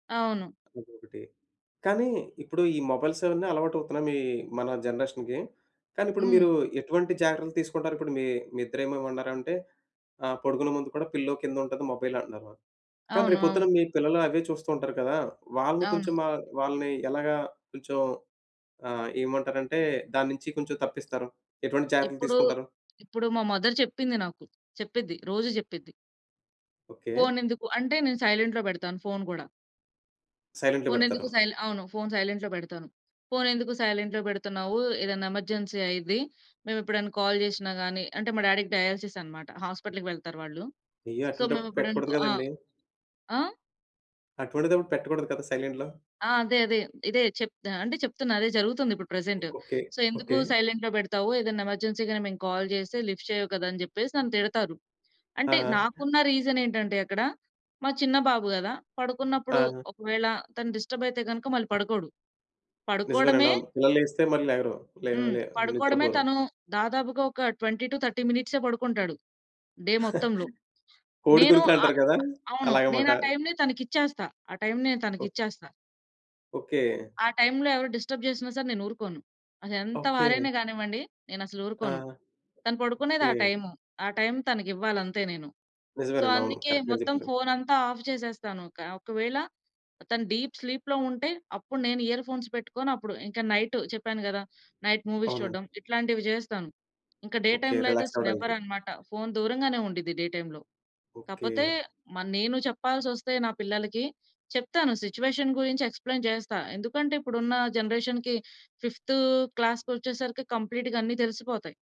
అవును. ఇంకొకటి కానీ, ఇప్పుడు ఈ మొబైల్స్ అవన్నీ అలవాటవుతున్నాయి మీ మన జనరేషన్‌కి. కానీ ఇప్పుడు మీరు హ్మ్. ఎటువంటి జాగ్రత్తలు తీసుకుంటారిప్పుడు మీ మీ ఇద్దర ఏమో ఏమన్నారంటే ఆహ్, పడుకునే ముందు గూడా పిల్లో కిందుంటది మొబైల్ అన్నారు. మా కానీ అవును. రేపొద్దున అవును. మీ పిల్లలు అవే చూస్తూ ఉంటారు కదా. వాళ్ళని అవును. కొంచెం మా వాళ్ళని ఎలాగా కొంచెం ఆహ్, ఏమంటారంటే దాన్నించి కొంచెం తప్పిస్తారు? ఎటువంటి జాగ్రత్తలు ఇప్పుడు తీసుకుంటారు? ఇప్పుడు మా మదర్ చెప్పింది నాకు. చెప్పిద్ది, రోజు చెప్పిద్ది. ఓకే. ఫోనెందుకు? అంటే నేను సైలెంట్‌లో పెడతాను ఫోను గూడా. సైలెంట్‌లో పెడతారు. ఫోనెందుకు సైల్ అవును. ఫోను సైలెంట్‌లో పెడతాను. ఫోనెందుకు సైలెంట్‌లో పెడుతున్నావు? ఏదన్నా ఎమర్జెన్సీ అయ్యిద్ది. మేమెప్పుడన్నా కాల్ చేషినా గాని అంటే మా డ్యాడీ‌కి డయాలిసిస్ అన్నమాట. హాస్పిటల్‌కి వెళ్తారు వాళ్ళు. అయ్యో! సో మేము అట్లాంటప్పుడు ఎప్పుడన పెట్టకూడదు కా ఆ! కదండీ! ఆ? అటువంటిదప్పుడు పెట్టకూడదు కదా! సైలెంట్‌లో. ఆ! అదే అదే. ఇదే చెప్ ఆహ్, అంటే చెప్తున్నా అదే జరుగుతుందిప్పుడు ప్రెజెంటు. ఓకే. సో, ఎందుకు ఓకే. సైలెంట్‌లో పెడతావు? ఏదన్నా ఎమర్జెన్సీ‌గాని మేము కాల్ చేస్తే లిఫ్ట్ చేయవు కదా! అని చెప్పేసి నన్ను తిడతారు. ఆ! అంటే ఆ! నాకున్న రీజనేంటంటే అక్కడ మా చిన్న బాబు గదా! పడుకున్నప్పుడు ఆ! ఒకవేళ తను డిస్టర్బ్ అయితే గనక మళ్ళి పడుకోడు. పడుకోడమే నిజమేనండవును. పిల్లలు లేస్తే మళ్ళీ లెగరు. లే హ్మ్. లే పడుకోవడమే నిద్రపోరు. తను దాదాపుగా ఒక 20-30 మినిట్సే పడుకుంటాడు డే మొత్తంలో. కోడి నేను గురుకులంటారు ఆహ్, కదా! అవును. నేను అలాగమాట. ఆ టైమ్‌ని తనకిచ్చేస్తా. ఆ టైమ్‌ని నేను ఓ తనకిచ్చేస్తా. ఓకే. ఆ టైంలో ఎవరు డిస్టర్బ్ చేసినా సరే నేనూరుకోను. అదెంత వారైనా ఓకే. గానివ్వండి నేనసలు ఆ! ఊరుకోను. తను పడుకునేది ఓకే. ఆ టైము. ఆ టైం తనకివ్వాలంతే నేను. సో, నిజమేనండి. అవును. అందుకే కరెక్ట్‌గా మొత్తం చెప్పారు. ఫోనంతా ఆఫ్ జేసేస్తాను కా ఒకవేళ తను డీప్ స్లీప్‌లో ఉంటే అప్పుడు నేను ఇయర్ ఫోన్స్ పెట్టుకొని అప్పుడు ఇంకా నైట్ చెప్పాను గదా! నైట్ మూవీస్ అవునండి. చూడ్డం ఇట్లాంటివి జేస్తాను. ఇంకా డే ఓకే. టైమ్‌లో అయితే రిలాక్స్ నెవర్ అవ్వడానికి. అన్నమాట. ఫోన్ దూరంగానే ఉండిద్ది డే టైమ్‌లో. ఓకే. కాపోతే మ నేను చెప్పాల్సొస్తే నా పిల్లలకి చెప్తాను సిచ్యువేషన్ గురించి ఎక్స్‌ప్లేన్ చేస్తా. ఎందుకంటే ఇప్పుడున్న జనరేషన్‌కి ఫిఫ్త్ క్లాస్‌కొచ్చేసరికి కంప్లీట్‌గా అన్ని తెలిసిపోతాయి.